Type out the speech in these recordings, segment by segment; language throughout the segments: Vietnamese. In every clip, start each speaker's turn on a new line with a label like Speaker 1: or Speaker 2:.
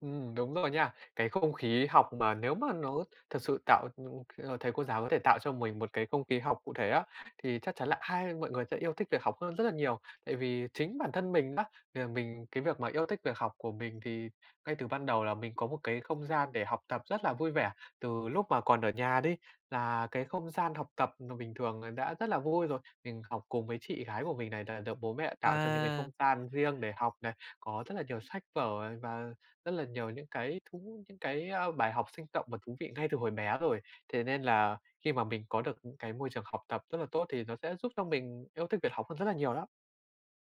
Speaker 1: Ừm, đúng rồi nha. Cái không khí học mà nếu mà nó thực sự tạo, ừm, ờ thầy cô giáo có thể tạo cho mình một cái không khí học cụ thể á, thì chắc chắn là ai mọi người sẽ yêu thích việc học hơn rất là nhiều. Tại vì chính bản thân mình á, thì là mình cái việc mà yêu thích việc học của mình thì ngay từ ban đầu là mình có một cái không gian để học tập rất là vui vẻ, từ lúc mà còn ở nhà đi, là cái không gian học tập mà bình thường là đã rất là vui rồi. Mình học cùng với chị gái của mình này, là được bố mẹ tạo cho những cái
Speaker 2: À.
Speaker 1: không gian riêng để học này, có rất là nhiều sách vở, à, và rất là nhiều những cái thú những cái, a, bài học sinh động và thú vị ngay từ hồi bé rồi. Thế nên là khi mà mình có được những cái môi trường học tập rất là tốt, thì nó sẽ giúp cho mình yêu thích việc học hơn rất là nhiều đó.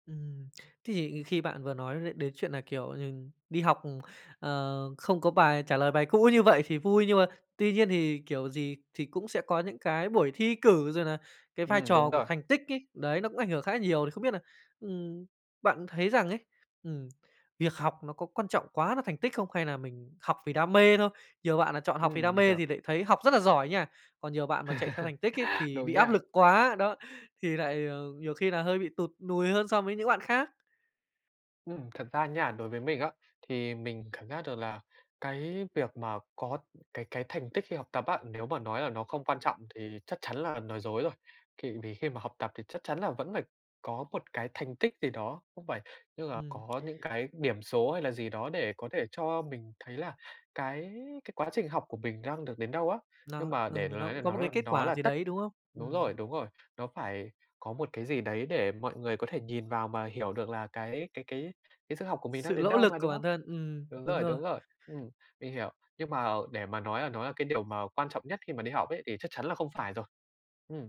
Speaker 2: Ừm, thì khi bạn vừa nói đ đến chuyện là, kiểu nh đi học, ừm, ờ, không có bài trả lời bài cũ như vậy thì vui, nhưng mà tuy nhiên thì kiểu gì thì cũng sẽ có những cái buổi thi cử rồi là cái vai
Speaker 1: Ừm, đúng
Speaker 2: trò của
Speaker 1: rồi.
Speaker 2: thành tích ấy, đấy, nó cũng ảnh hưởng khá nhiều. Thì không biết là, ừm, bạn thấy rằng ấy, ừm, việc học nó có quan trọng quá là thành tích không? Hay là mình học vì đam mê thôi? Nhiều bạn là chọn học
Speaker 1: Ừm,
Speaker 2: vì đam
Speaker 1: mình
Speaker 2: mê
Speaker 1: hiểu.
Speaker 2: thì lại thấy học rất là giỏi nha, còn nhiều bạn mà chạy theo thành tích ấy thì
Speaker 1: Đúng
Speaker 2: bị áp
Speaker 1: nha.
Speaker 2: lực quá, đó, thì lại, ờ, nhiều khi là hơi bị tụt nùi hơn so với những bạn khác.
Speaker 1: Ừm, thật ra nha, đối với mình á, thì mình cảm giác được là cái việc mà có cái cái thành tích khi học tập á, nếu mà nói là nó không quan trọng thì chắc chắn là nói dối rồi. Thì vì khi mà học tập thì chắc chắn là vẫn phải có một cái thành tích gì đó không phải, tức là
Speaker 2: Ừm.
Speaker 1: có những cái điểm số hay là gì đó để có thể cho mình thấy là cái cái quá trình học của mình đang được đến đâu á. Nhưng
Speaker 2: Nó
Speaker 1: mà để
Speaker 2: ừ,
Speaker 1: mà
Speaker 2: nó
Speaker 1: nói là
Speaker 2: cũng có
Speaker 1: nó
Speaker 2: một cái
Speaker 1: là
Speaker 2: kết
Speaker 1: nó
Speaker 2: quả
Speaker 1: là
Speaker 2: gì
Speaker 1: tất
Speaker 2: đấy, đúng không?
Speaker 1: đúng
Speaker 2: Ừm.
Speaker 1: rồi, đúng rồi, nó phải có một cái gì đấy để mọi người có thể nhìn vào mà hiểu được là cái cái cái cái sức học của mình đang
Speaker 2: Sự
Speaker 1: đến
Speaker 2: lỗ
Speaker 1: đâu
Speaker 2: lực
Speaker 1: mà,
Speaker 2: của
Speaker 1: đúng không?
Speaker 2: bản thân, ừm,
Speaker 1: Đúng
Speaker 2: đúng
Speaker 1: rồi,
Speaker 2: rồi.
Speaker 1: đúng rồi, ừm, mình hiểu, nhưng mà, ờ, để mà nói là nó là cái điều mà quan trọng nhất khi mà đi học ấy thì chắc chắn là không phải rồi. Ừm.